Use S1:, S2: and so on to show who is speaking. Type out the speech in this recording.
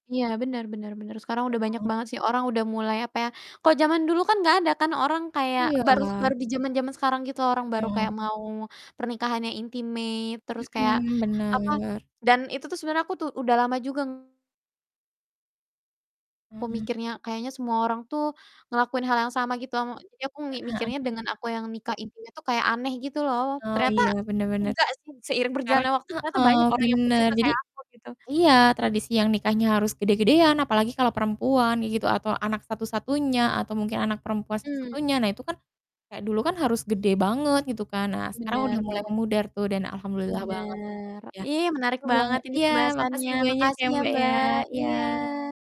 S1: Iya, benar benar benar. Sekarang udah banyak
S2: Mhm.
S1: banget sih, orang udah mulai apa ya, kalau zaman dulu kan enggak ada kan orang kayak baru
S2: Iya.
S1: baru di zaman-zaman sekarang gitu orang baru kayak
S2: Mhm.
S1: mau pernikahan yang intimate terus kayak
S2: Mhm,
S1: apa
S2: bener.
S1: dan itu tuh sebenarnya aku tuh udah lama juga ng aku
S2: Heeh.
S1: mikirnya kayaknya semua orang tuh ngelakuin hal yang sama gitu am jadi aku mi
S2: Heeh heeh.
S1: mikirnya dengan aku yang nikah intimate itu kayak aneh gitu loh.
S2: Oh,
S1: Ternyata
S2: iya benar benar.
S1: enggak sih, seiring
S2: Sekarang
S1: berjalannya waktu ternyata
S2: heeh,
S1: banyak orang yang pe
S2: benar.
S1: juga
S2: Jadi
S1: kayak aku gitu.
S2: iya, tradisi yang nikahnya harus gede-gedean apalagi kalau perempuan ya gitu atau anak satu-satunya atau mungkin anak perempuan
S1: Mmm.
S2: satu-satunya. Nah, itu kan kayak dulu kan harus gede banget gitu kan. Nah, sekarang udah
S1: Bener
S2: mulai
S1: bener.
S2: memudar tuh dan alhamdulillah banget
S1: Bener.
S2: ya.
S1: Ih, menarik
S2: Seru bang
S1: banget ini
S2: iya,
S1: pembahasannya.
S2: makasih banyak ya
S1: Makasih ya,
S2: Mbak, ya.
S1: Mbak. Iya.
S2: Iya.